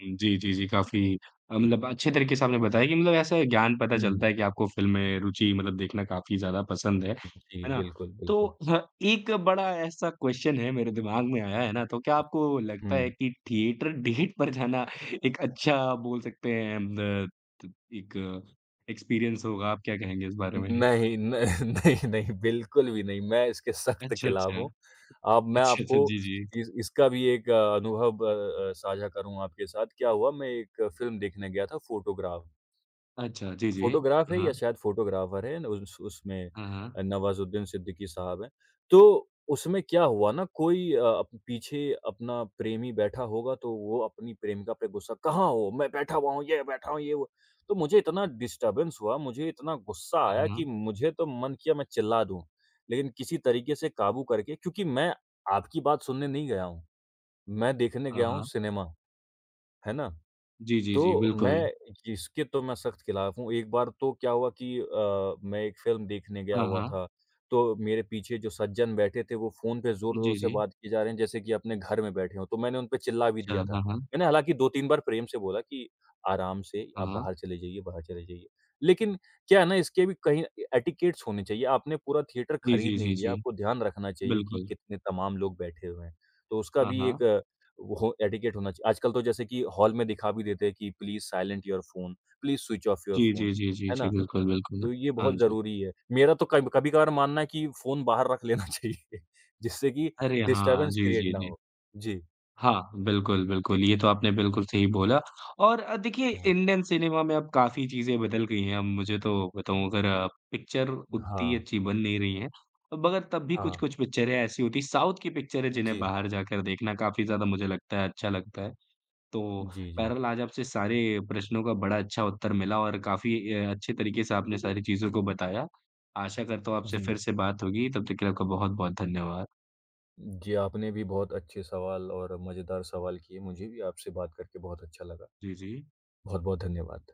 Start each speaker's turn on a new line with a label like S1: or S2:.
S1: जी, जी, जी, काफ़ी मतलब अच्छे तरीके से आपने बताया कि मतलब ऐसे ज्ञान पता
S2: हुँ।
S1: चलता है कि आपको फ़िल्म में रूचि मतलब देखना काफ़ी ज़्यादा पसंद है,
S2: जी,
S1: है ना।
S2: बिल्कुल,
S1: तो
S2: बिल्कुल।
S1: ह एक बड़ा ऐसा क्वेस्चन है, मेरे दिमाग में आया है ना, तो क्या आपको लगता है
S2: हुँ।
S1: कि थिएटर डेट पर जाना एक अच्छा, आप बोल सकते हैं द त एक एक्सपीरियंस होगा, आप क्या कहेंगे इस बारे में?
S2: नहीं, न नहीं, नहीं, बिल्कुल भी नहीं, मैं इसके सख्त
S1: अच्छा,
S2: खिलाफ
S1: अच्छा।
S2: हूँ। अ, मैं
S1: अच्छा, अच्छा।
S2: आपको
S1: जी, जी।
S2: इस इसका भी एक अ, अनुभव अ अ, साझा करूँगा आपके साथ। क्या हुआ, मैं एक फ़िल्म देखने गया था फोटोग्राफ।
S1: अच्छा, जी, जी।
S2: फ़ोटोग्राफ है
S1: हाँ।
S2: या शायद फ़ोटोग्राफर है अन उस उसमें
S1: हाँ, हाँ।
S2: अ, नवाजुद्दीन सिद्दीकी साहब हैं। तो उसमें क्या हुआ ना, कोई अ, पीछे अपना प्रेमी बैठा होगा, तो वो अपनी प्रेमिका पे गुस्सा, "कहाँ हो? मैं बैठा हुआ हूँ, ये बैठा हूँ, ये वो।" तो मुझे इतना डिस्टर्बेंस हुआ, मुझे इतना गुस्सा
S1: हाँ,
S2: आया कि
S1: हाँ।
S2: मुझे तो मन किया मैं चिल्ला दूँ। लेकिन किसी तरीके से काबू करके क्योंकि मैं आपकी बात सुनने नहीं गया हूँ, मैं देखने
S1: हाँ,
S2: गया हूँ
S1: हाँ।
S2: सिनेमा, है ना।
S1: जी, जी, जी,
S2: तो
S1: बिल्कुल।
S2: मैं इसके तो मैं सख्त खिलाफ हूँ। एक बार तो क्या हुआ कि अ, मैं एक फ़िल्म देखने गया
S1: हाँ,
S2: हुआ
S1: हाँ।
S2: था, तो मेरे पीछे जो सज्जन बैठे थे, वो फ़ोन पे ज़ोर ज़ोर
S1: जी,
S2: से
S1: जी।
S2: बात किए जा रहे हैं जैसे कि अपने घर में बैठे हों, तो मैंने उनपे चिल्ला भी
S1: अच्छा,
S2: दिया था।
S1: हाँ, हाँ।
S2: मैंने हालाँकि 2-3 बार प्रेम से बोला कि, "आराम से,
S1: हाँ,
S2: आप
S1: हाँ।
S2: बाहर चले जाइए, बाहर चले जाइए।" लेकिन क्या है ना ,इसके भी कहीं ए एटिकेट्स होने चाहिए, आपने पूरा थिएटर
S1: जी,
S2: खरीद
S1: जी,
S2: नहीं
S1: जी,
S2: लिया,
S1: जी।
S2: आपको ध्यान रखना चाहिए कि
S1: बिल्कुल।
S2: कितने तमाम लोग बैठे हुए हैं। तो उसका
S1: हाँ,
S2: भी एक
S1: हाँ।
S2: हो एटिकेट होना चाहिए। आजकल तो जैसे कि हॉल में दिखा भी देते हैं कि please silent your phone, please switch off your
S1: जी,
S2: फ़ोन,
S1: जी, जी, जी,
S2: है
S1: जी,
S2: ना,
S1: बिल्कुल, बिल्कुल।
S2: तो ये
S1: हाँ
S2: बहुत
S1: जी।
S2: ज़रूरी है। मेरा तो कभ कभी-कभार मानना है कि फ़ोन बाहर रख लेना चाहिए जिससे कि
S1: अरे, हाँ!
S2: डिस्टर्बेंस
S1: जी,
S2: क्रिएट
S1: जी,
S2: ना
S1: जी।
S2: हो। जी।
S1: हाँ, बिल्कुल, बिल्कुल, ये तो आपने बिल्कुल सही बोला। और अ, देखिए
S2: हाँ।
S1: इंडियन सिनेमा में अब काफ़ी चीज़ें बदल गई हैं। अब मुझे तो बताऊँ अगर अ, पिक्चर उतनी
S2: हाँ।
S1: अच्छी बन नहीं रही हैं। अब अगर तब भी
S2: हाँ।
S1: कुछ-कुछ पिक्चरें ऐसी होती हैं साउथ की पिक्चरें जिन्हें
S2: जी।
S1: बाहर जाकर देखना काफ़ी ज़्यादा मुझे लगता है अच्छा लगता है। तो
S2: जी, जी।
S1: बहरहाल आज आपसे सारे प्रश्नों का बड़ा अच्छा उत्तर मिला, और काफ़ी अ अच्छे तरीके से आपने सारी चीज़ों को बताया। आशा करता हूँ आपसे
S2: जी।
S1: फिर से बात होगी, तब तक के लिए आपका बहुत-बहुत धन्यवाद।
S2: जी, आपने भी बहुत अच्छे सवाल और मज़ेदार सवाल किए, मुझे भी आपसे बात करके बहुत अच्छा लगा।
S1: जी, जी।
S2: बहुत-बहुत धन्यवाद।